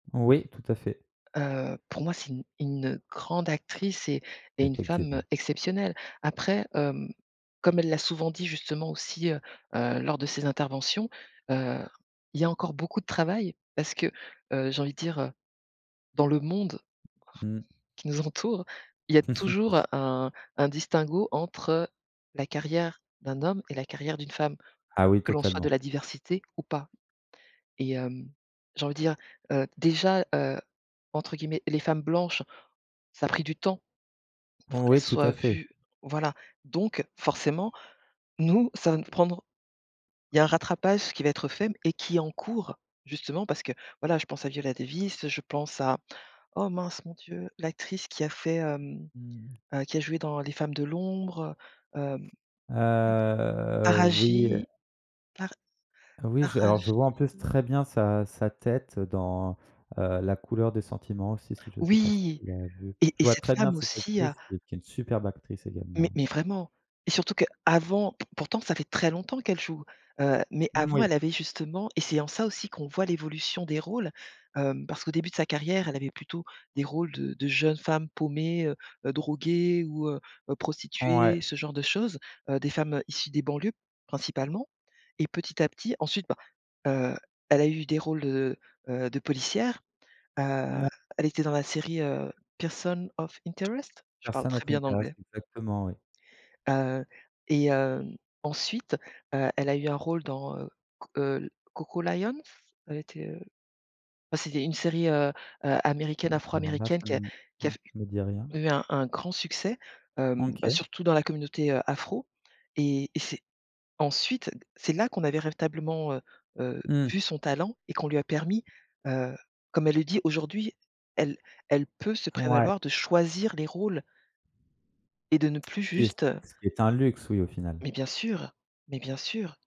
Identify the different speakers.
Speaker 1: Oui, tout à fait.
Speaker 2: Heu, pour moi, c'est une une, heu, grande actrice et et une femme, heu,
Speaker 1: Effectivement.
Speaker 2: exceptionnelle. Après, hem, comme elle l'a souvent dit, justement aussi, heu, heu, lors de ses interventions, heu, il y a encore beaucoup de travail parce que, heu, j'ai envie de dire, heu, dans le monde
Speaker 1: Mmh.
Speaker 2: qui nous entoure, il y a toujours un un distinguo entre la carrière d'un homme et la carrière d'une femme,
Speaker 1: Ah oui
Speaker 2: que l'on soit de
Speaker 1: totalement.
Speaker 2: la diversité ou pas et hem, j'ai envie de dire, heu, déjà, heu, entre guillemets, «les femmes blanches», ça a pris du temps pour qu'elles
Speaker 1: Oui, tout à
Speaker 2: soient
Speaker 1: fait.
Speaker 2: vues voilà, donc forcément, nous, ça va nous prendre il y a un rattrapage qui va être fait m et qui est en cours justement parce que, voilà, je pense à Viola Davis, je pense à oh mince, mon Dieu, l'actrice qui a fait, hem,
Speaker 1: Mmh mh.
Speaker 2: qui a joué dans les Femmes de l'ombre, heu, hem.
Speaker 1: Heu, oui, heu
Speaker 2: Araji? Par
Speaker 1: Oui, je alors je vois en plus
Speaker 2: Araji?
Speaker 1: très bien sa sa tête dans, heu, La Couleur des sentiments, celui ci je sais pas si
Speaker 2: Oui!
Speaker 1: tu l'as vu.
Speaker 2: Et
Speaker 1: Je
Speaker 2: et
Speaker 1: vois
Speaker 2: cette
Speaker 1: très bien
Speaker 2: femme
Speaker 1: cette
Speaker 2: aussi a
Speaker 1: actrice qui qui est une superbe actrice,
Speaker 2: Mais
Speaker 1: également.
Speaker 2: mais vraiment et surtout qu'avant, pourtant ça fait très longtemps qu'elle joue, heu, mais avant
Speaker 1: Moui.
Speaker 2: elle avait justement et c'est en ça aussi qu'on voit l'évolution des rôles, hem, parce qu'au début de sa carrière elle avait plutôt des rôles de de jeunes femmes paumées, heu heu, droguées ou heu heu,
Speaker 1: Ouais.
Speaker 2: prostituées, ce genre de choses, heu, des femmes issues des banlieues principalement et petit à petit ensuite, bah, heu, elle a eu des rôles de, heu, de policières. Heu,
Speaker 1: Mou
Speaker 2: elle était dans la série, heu, Person of Interest, je parle
Speaker 1: Person
Speaker 2: très
Speaker 1: of
Speaker 2: bien
Speaker 1: interest,
Speaker 2: l'anglais.
Speaker 1: exactement, oui.
Speaker 2: Heu, et hem, ensuite, heu, elle a eu un rôle dans, heu, C heu, Coco Lions? Elle était, heu, heu, c'était une série, heu, heu,
Speaker 1: Heu,
Speaker 2: américaine
Speaker 1: alors là,
Speaker 2: afro-américaine
Speaker 1: ça
Speaker 2: qui a
Speaker 1: m
Speaker 2: qui
Speaker 1: ne
Speaker 2: a f
Speaker 1: me dit rien.
Speaker 2: eu un un grand succès, hem, bah,
Speaker 1: OK.
Speaker 2: surtout dans la communauté afro et et c'est ensuite, heu, c'est là qu'on avait véritablement, heu, heu,
Speaker 1: Mmh.
Speaker 2: vu son talent et qu'on lui a permis, heu, comme elle le dit aujourd'hui, elle elle peut se
Speaker 1: Ouais.
Speaker 2: prévaloir de choisir les rôles et de ne plus
Speaker 1: Ce qui est c
Speaker 2: juste, heu
Speaker 1: ce qui est un luxe, oui, au final.
Speaker 2: Mais bien sûr, mais bien sûr!